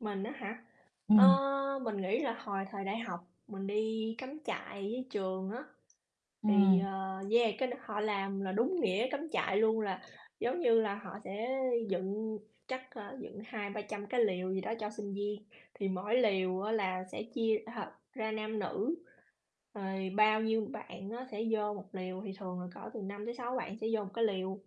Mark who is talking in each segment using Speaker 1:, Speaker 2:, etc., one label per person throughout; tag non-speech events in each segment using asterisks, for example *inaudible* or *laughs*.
Speaker 1: Mình á hả, ơ,
Speaker 2: Ừm.
Speaker 1: mình nghĩ là hồi thời đại học mình đi cắm trại với trường á, thì,
Speaker 2: Ừm.
Speaker 1: ờ yeah, cái đó họ làm là đúng nghĩa cắm trại luôn, là giống như là họ sẽ dựng chắc, ơ, dựng 200-300 cái lều gì đó cho sinh viên. Thì mỗi lều á, là sẽ chia, ờ, ra nam nữ, rồi bao nhiêu bạn á sẽ vô một lều, thì thường là cỡ từ 5 tới 6 bạn sẽ vô một cái lều.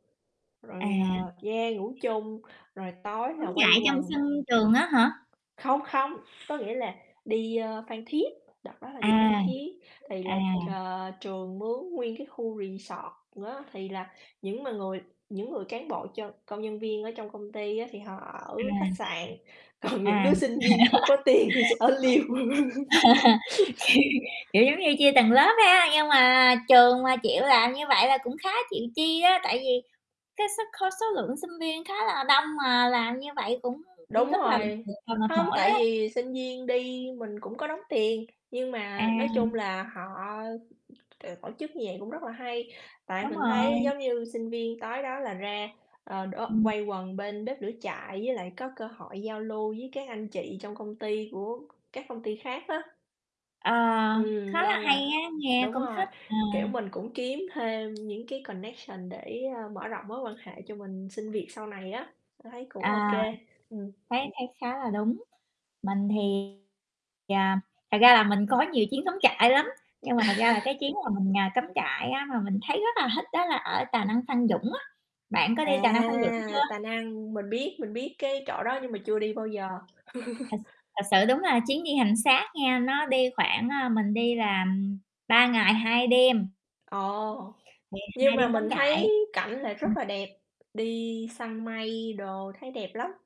Speaker 1: Rồi,
Speaker 2: À.
Speaker 1: ờ, yeah, ngủ chung, rồi tối
Speaker 2: Cắm
Speaker 1: là quây
Speaker 2: trại trong
Speaker 1: quần.
Speaker 2: sân trường á hả?
Speaker 1: Không, không, có nghĩa là đi, ơ, Phan Thiết. Đợt đó là
Speaker 2: À,
Speaker 1: đi Phan Thiết, thì
Speaker 2: à.
Speaker 1: là, ờ, trường mướn nguyên cái khu resort á. Thì là những mà người những người cán bộ cho công nhân viên ở trong công ty á, thì họ ở
Speaker 2: À.
Speaker 1: khách sạn, còn những
Speaker 2: À.
Speaker 1: đứa sinh viên không có tiền thì sẽ ở lều.
Speaker 2: *laughs* Kiểu
Speaker 1: *laughs*
Speaker 2: kiểu giống như chia từng lớp ha. Nhưng mà trường mà chịu làm như vậy là cũng khá chịu chi á, tại vì cái suất cái số lượng sinh viên khá là đông mà làm như vậy cũng cũng
Speaker 1: Đúng
Speaker 2: rất là,
Speaker 1: rồi,
Speaker 2: ừm, à, mệt
Speaker 1: hông,
Speaker 2: mỏi đó.
Speaker 1: tại vì sinh viên đi mình cũng có đóng tiền. Nhưng mà nói chung
Speaker 2: À.
Speaker 1: là họ, ờ, tổ chức như vậy cũng rất là hay, tại
Speaker 2: Đúng
Speaker 1: mình thấy
Speaker 2: rồi.
Speaker 1: giống như sinh viên tối đó là ra, ờ, đố
Speaker 2: Ừm.
Speaker 1: quây quần bên bếp lửa trại với lại có cơ hội giao lưu với các anh chị trong công ty của các công ty khác á.
Speaker 2: Ờ, khá
Speaker 1: Ừm,
Speaker 2: là
Speaker 1: nên
Speaker 2: hay
Speaker 1: là
Speaker 2: á, nghe
Speaker 1: đúng
Speaker 2: cũng
Speaker 1: rồi,
Speaker 2: thích, ờ.
Speaker 1: kiểu, mình cũng kiếm thêm những cái connection để, ờ, mở rộng mối quan hệ cho mình xin việc sau này á. Thấy cũng ô kê,
Speaker 2: À,
Speaker 1: ừm.
Speaker 2: thấy thấy khá là đúng. Mình thì, à, thật ra là mình có nhiều chuyến cắm trại lắm. Nhưng mà thật ra là cái
Speaker 1: *laughs*
Speaker 2: chuyến mà mình, à, cắm trại á, mà mình thấy rất là thích đó là ở Tà Năng- Phan Dũng á. Bạn có đi
Speaker 1: À,
Speaker 2: Tà Năng- Phan Dũng chưa?
Speaker 1: Tà Năng, mình biết, mình biết cái chỗ đó nhưng mà chưa đi bao giờ.
Speaker 2: Thật
Speaker 1: *laughs*
Speaker 2: thật sự đúng là chuyến đi hành xác nghe, nó đi khoảng, a, mình đi là 3 ngày 2 đêm.
Speaker 1: Ờ,
Speaker 2: Thì
Speaker 1: nhưng
Speaker 2: 2
Speaker 1: mà
Speaker 2: đêm cắm
Speaker 1: mình
Speaker 2: trại.
Speaker 1: thấy cảnh lại rất
Speaker 2: Ừm.
Speaker 1: là đẹp, đi săn mây đồ thấy đẹp lắm.